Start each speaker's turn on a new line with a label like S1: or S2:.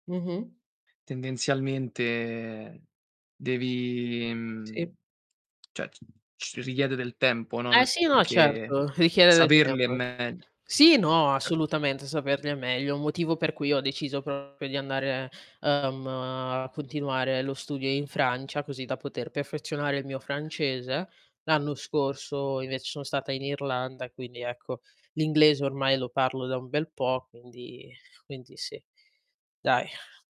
S1: Mh-mh.
S2: Tendenzialmente devi
S1: Sì.
S2: mhmm, cioè, c richiede del tempo, no,
S1: Eh
S2: non
S1: sì,
S2: è
S1: no
S2: che
S1: certo, richiede del
S2: saperle è
S1: tempo.
S2: megli
S1: Sì, no,
S2: sa
S1: assolutamente saperle è meglio. Un motivo per cui ho deciso proprio di andare, ehm, a continuare lo studio in Francia, così da poter perfezionare il mio francese. L'anno scorso invece son stata in Irlanda, quindi ecco, l'inglese ormai lo parlo da un bel po', quindi quindi sì, dai.